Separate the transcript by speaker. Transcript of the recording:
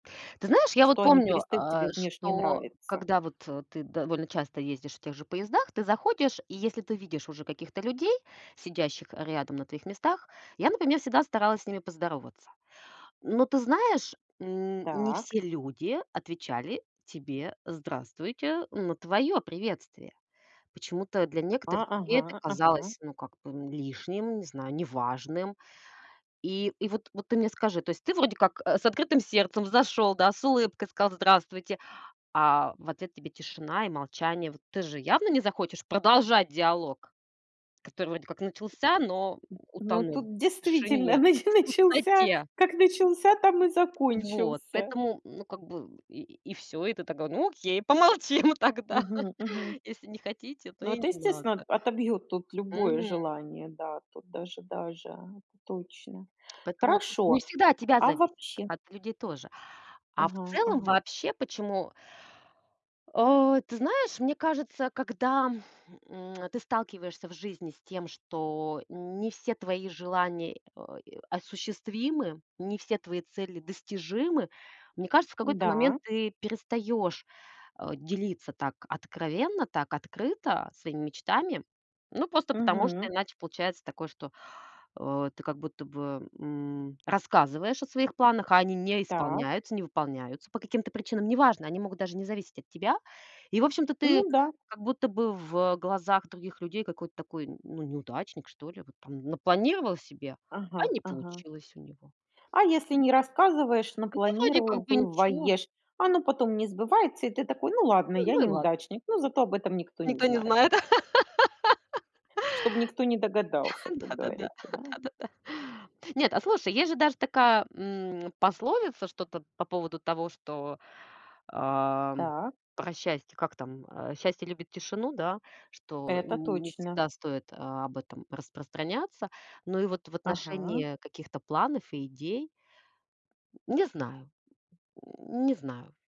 Speaker 1: Ты знаешь, я вот
Speaker 2: Что они
Speaker 1: помню,
Speaker 2: перестают
Speaker 1: а
Speaker 2: тебе внешне
Speaker 1: что
Speaker 2: нравиться.
Speaker 1: когда вот ты довольно часто ездишь в тех же поездах, ты заходишь, и если ты видишь уже каких-то людей, сидящих рядом на твоих местах, я, например, всегда старалась с ними поздороваться. Но ты знаешь, н не
Speaker 2: Так.
Speaker 1: все люди отвечали тебе "здравствуйте" на твоё приветствие. Почему-то для
Speaker 2: А,
Speaker 1: некоторых людей это
Speaker 2: ага, ага.
Speaker 1: казалось ну как бы, м, лишним, не знаю, неважным. И, и вот, вот ты мне скажи, то есть ты вроде как, э, с открытым сердцем зашёл, да, с улыбкой сказал "здравствуйте", а в ответ тебе тишина и молчание. Вот ты же явно не захочешь продолжать диалог, который вроде как
Speaker 2: М.
Speaker 1: начался, но
Speaker 2: Ну
Speaker 1: утонул
Speaker 2: тут
Speaker 1: в
Speaker 2: действительно
Speaker 1: тишине,
Speaker 2: нач
Speaker 1: в
Speaker 2: начался
Speaker 1: пустоте.
Speaker 2: как начался, там и
Speaker 1: Вот.
Speaker 2: закончился.
Speaker 1: Поэтому, ну, как бы и и всё. И ты такая: ну, окей, помолчим тогда.
Speaker 2: Мгм мгм.
Speaker 1: Если не хотите, то
Speaker 2: Ну,
Speaker 1: и
Speaker 2: это,
Speaker 1: не надо.
Speaker 2: естественно, о отобьёт тут любое
Speaker 1: Мгм.
Speaker 2: желание. Да, тут даже, даже, точно.
Speaker 1: Поэтому тут не
Speaker 2: Хорошо,
Speaker 1: всегда от тебя
Speaker 2: а
Speaker 1: зависит.
Speaker 2: вообще
Speaker 1: От людей тоже. А в
Speaker 2: Ага
Speaker 1: целом
Speaker 2: ага.
Speaker 1: вообще почему А ты знаешь, мне кажется, когда, м, ты сталкиваешься в жизни с тем, что не все твои желания о е осуществимы, не все твои цели достижимы, мне кажется, в какой-то момент
Speaker 2: Да.
Speaker 1: ты перестаёшь, э, делиться так откровенно, так открыто своими мечтами. Ну, просто потому, что
Speaker 2: Мгм.
Speaker 1: иначе получается такое, что, э, ты как будто бы, м, рассказываешь о своих планах, а они не
Speaker 2: Так.
Speaker 1: исполняются, не выполняются по каким-то причинам. Неважно, они могут даже не зависеть от тебя. И в общем-то ты
Speaker 2: Ну да.
Speaker 1: как будто бы в, э, глазах других людей какой-то такой, н ну, неудачник, что ли. Вот там напланировал себе, а
Speaker 2: Ага
Speaker 1: не
Speaker 2: ага.
Speaker 1: получилось у него.
Speaker 2: А если не рассказываешь, но
Speaker 1: А ты вроде как бы ничего.
Speaker 2: планируешь. Оно потом не сбывается и ты такой: ну ладно,
Speaker 1: Ну,
Speaker 2: я
Speaker 1: ну и ладно.
Speaker 2: неудачник, но зато об этом никто не
Speaker 1: Никто не
Speaker 2: знает.
Speaker 1: знает.
Speaker 2: Чтоб никто не догадался, как
Speaker 1: Да-да-да.
Speaker 2: говорится, да?
Speaker 1: Да-да-да. Нет, а слушай, есть же даже такая, м, пословица что-то по поводу того, что, ам,
Speaker 2: Так.
Speaker 1: про счастье. Как там? Э, счастье любит тишину, да? Что
Speaker 2: Это
Speaker 1: не
Speaker 2: точно.
Speaker 1: всегда стоит об этом распространяться. Но и вот в
Speaker 2: Ага.
Speaker 1: отношении каких-то планов и идей. Не знаю. Не знаю.